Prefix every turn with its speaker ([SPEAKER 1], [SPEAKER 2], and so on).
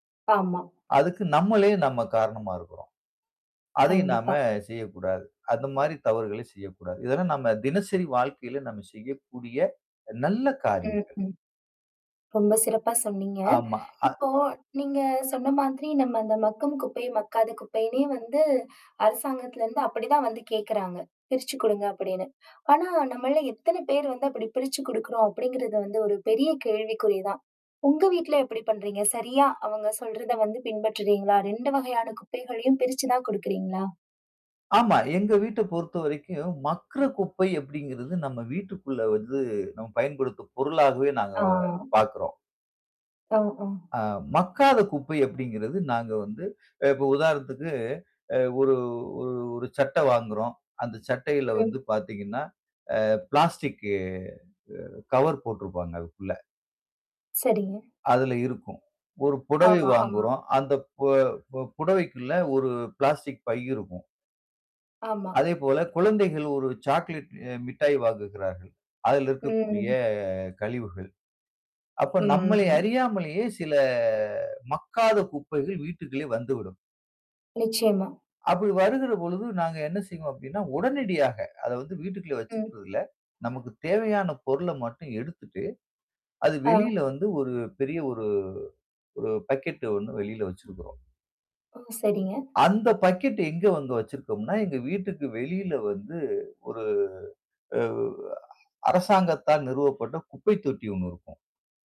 [SPEAKER 1] ஆமா.
[SPEAKER 2] அதுக்கு, நம்மளே நம்ம காரணமா இருக்குறோம். அதையும் நாம
[SPEAKER 1] கண்டிப்பா.
[SPEAKER 2] செய்யக்கூடாது. அந்த மாதிரி தவறுகளை செய்யக்கூடாது. இதெல்லாம் நாம தினசரி வாழ்க்கையில நாம செய்யக்கூடிய நல்ல
[SPEAKER 1] ம்.
[SPEAKER 2] காரியங்கள்.
[SPEAKER 1] ம். ரொம்ப சிறப்பா சொன்னீங்க.
[SPEAKER 2] ஆமா. அ
[SPEAKER 1] இப்போ நீங்க சொன்ன மாதிரி, நம்ம அந்த மக்கும் குப்பை, மக்காத குப்பைனே வந்து அரசாங்கத்துல இருந்து அப்டி தான் வந்து கேட்குறாங்க. பிரிச்சு கொடுங்க அப்டின்னு. ஆனா நம்மள்ல எத்தன பேர் வந்து அப்டி பிரிச்சு கொடுக்குறோம் அப்டிங்கறது வந்து, ஒரு பெரிய கேள்விக்குறி தான். உங்க வீட்ல எப்டி பண்றீங்க? சரியா, அவங்க சொல்றத வந்து பின்பற்றுறீங்களா? 2 வகையான குப்பைகளையும் பிரிச்சு தான் கொடுக்குறீங்களா?
[SPEAKER 2] ஆமா, எங்க வீட்ட பொறுத்த வரைக்கும், மக்குற குப்பை அப்டிங்கறது, நம்ம வீட்டுக்குள்ள வந்து, நம்ம பயன்படுத்தும் பொருளாகவே நாங்க
[SPEAKER 1] ஆ.
[SPEAKER 2] பார்க்குறோம்.
[SPEAKER 1] ஒ. ஒ.
[SPEAKER 2] அ, மக்காத குப்பை அப்டிங்கறது, நாங்க வந்து, அ, இப்போ உதாரணத்துக்கு, அ ஒரு ஒரு ஒரு சட்ட வாங்குறோம். அந்த சட்டையில வந்து
[SPEAKER 1] ம்.
[SPEAKER 2] பாத்தீங்கனா, அ பிளாஸ்டிக்கு அ கவர் போட்டுருப்பாங்க அதுக்குள்ள.
[SPEAKER 1] சரிங்க.
[SPEAKER 2] அதுல இருக்கும். 1 புடவை
[SPEAKER 1] ஆமா, ஆமா.
[SPEAKER 2] வாங்குறோம். அந்த, பு புடவைக்குள்ள ஒரு பிளாஸ்டிக் பை இருக்கும்.
[SPEAKER 1] ஆமா.
[SPEAKER 2] அதே போல குழந்தைகள் 1 சாக்லேட் அ மிட்டாய் வாங்குகிறார்கள். அதில் இருக்கக்கூடிய
[SPEAKER 1] ம்.
[SPEAKER 2] கழிவுகள். அப்ப
[SPEAKER 1] ம்.
[SPEAKER 2] நம்மளை
[SPEAKER 1] ம்.
[SPEAKER 2] அறியாமலேயே சில, மக்காத குப்பைகள் வீட்டுக்குள்ளே வந்துவிடும்.
[SPEAKER 1] நிச்சயமா.
[SPEAKER 2] அப்டி வருகிற பொழுது நாங்க என்ன செய்வோம் அப்டினா, உடனடியாக அத வந்து வீட்டுக்குள்ள
[SPEAKER 1] ம்.
[SPEAKER 2] வச்சுக்கறதில்ல, நமக்கு தேவையான பொருள மட்டும் எடுத்துட்டு, அது
[SPEAKER 1] ஓவ்!
[SPEAKER 2] வெளியில வந்து ஒரு பெரிய ஒரு ஒரு பக்கெட் ஒண்ணு வெளியில வச்சுருக்குறோம்.
[SPEAKER 1] ஓ! சரிங்க.
[SPEAKER 2] அந்த பக்கெட் எங்க வந்து வச்சிருக்கோம்னா, எங்க வீட்டுக்கு வெளியில வந்து ஒரு, உ அ அரசாங்கத்தால் நிறுவப்பட்ட குப்பை தொட்டி 1 இருக்கும்.